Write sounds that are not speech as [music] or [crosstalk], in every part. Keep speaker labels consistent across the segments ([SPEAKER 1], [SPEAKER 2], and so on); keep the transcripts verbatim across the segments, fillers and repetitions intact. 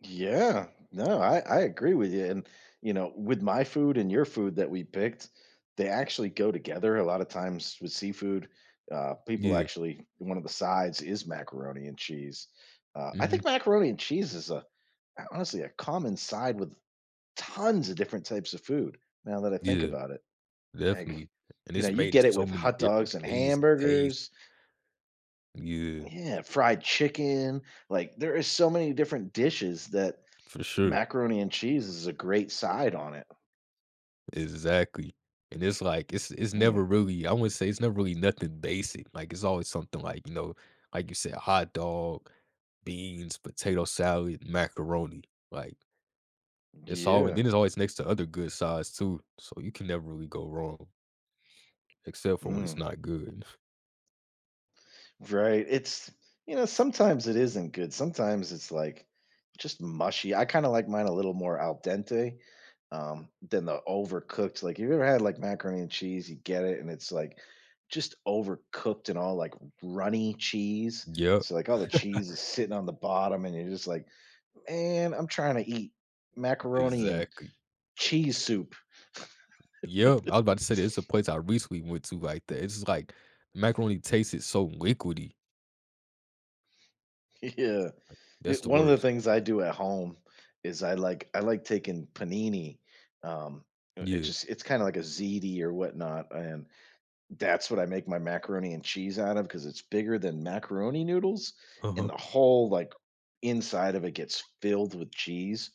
[SPEAKER 1] Yeah. No, I I agree with you, and, you know, with my food and your food that we picked, they actually go together a lotta times with seafood. Uh, people
[SPEAKER 2] Yeah.
[SPEAKER 1] actually one of the sides is macaroni and cheese. Uh, I think
[SPEAKER 2] Mhm.
[SPEAKER 1] macaroni and cheese is a a, honestly, a common side with tons of different types of food, now that I think
[SPEAKER 2] Yeah,
[SPEAKER 1] about it,
[SPEAKER 2] definitely,
[SPEAKER 1] like,
[SPEAKER 2] and
[SPEAKER 1] you know,
[SPEAKER 2] it's
[SPEAKER 1] you
[SPEAKER 2] made in
[SPEAKER 1] get it
[SPEAKER 2] so
[SPEAKER 1] with
[SPEAKER 2] many
[SPEAKER 1] hot
[SPEAKER 2] different
[SPEAKER 1] dogs and
[SPEAKER 2] ways and taste.
[SPEAKER 1] hamburgers.
[SPEAKER 2] Yeah.
[SPEAKER 1] Yeah, fried chicken, like there is so many different dishes that
[SPEAKER 2] For sure.
[SPEAKER 1] macaroni and cheese is a great side on it.
[SPEAKER 2] Exactly, and it's, like, it's it's never
[SPEAKER 1] Mm.
[SPEAKER 2] really I wouldn't say it's never really nothing basic. Like, it's always something like, you know, like you say, a hot dog, beans, potato salad, macaroni. Like it's all and then
[SPEAKER 1] Yeah.
[SPEAKER 2] it's always next to other good sides too, so you can never really go wrong except for when it's
[SPEAKER 1] Mm.
[SPEAKER 2] not good. [scoffs]
[SPEAKER 1] Right, it's you know, sometimes it isn't good. Sometimes it's, like, just mushy. I kinda like mine a little more al dente, um, than the overcooked, like, you ever had, like, macaroni and cheese, you get it, and it's, like, just overcooked and all, like, runny cheese,
[SPEAKER 2] Yep.
[SPEAKER 1] so, like, all the
[SPEAKER 2] [chuckles]
[SPEAKER 1] cheese is sitting on the bottom, and you're just like, "Man, I'm tryna eat macaroni and
[SPEAKER 2] esactly.
[SPEAKER 1] cheese soup."
[SPEAKER 2] Yep, I was about
[SPEAKER 1] [laughs]
[SPEAKER 2] to say there's a place I recently went to, like, that it's just, like, macaroni tasted so liquidy.
[SPEAKER 1] Yeah.
[SPEAKER 2] Like,
[SPEAKER 1] I
[SPEAKER 2] that's the
[SPEAKER 1] one of the
[SPEAKER 2] worst.
[SPEAKER 1] things I do at home is I like I like taking panini, um it's
[SPEAKER 2] Yeah.
[SPEAKER 1] just it's kinda like a ziti or whatnot, and that's what I make my macaroni and cheese out of because it's bigger than macaroni noodles and
[SPEAKER 2] Uh-huh.
[SPEAKER 1] the whole, like, inside of it gets filled with cheese.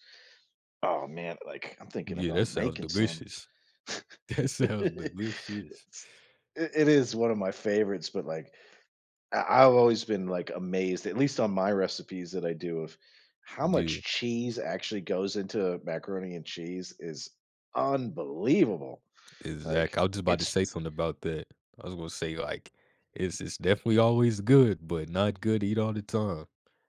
[SPEAKER 1] Oh, man, like, I'm thinking
[SPEAKER 2] Yeah,
[SPEAKER 1] about
[SPEAKER 2] that sounds
[SPEAKER 1] making some.
[SPEAKER 2] delicious
[SPEAKER 1] [laughs]
[SPEAKER 2] that sounds delicious.
[SPEAKER 1] It's I It is one of my favorites, but, like, I I've always been, like, amazed- at least on my recipes that I do- of how
[SPEAKER 2] Yeah.
[SPEAKER 1] much cheese actually goes into macaroni and cheese is unbelievable,
[SPEAKER 2] Exact
[SPEAKER 1] like,
[SPEAKER 2] I was just about to
[SPEAKER 1] it's
[SPEAKER 2] say something about that. I was gonna say, like, it's it's definitely always good, but not good eat all the time.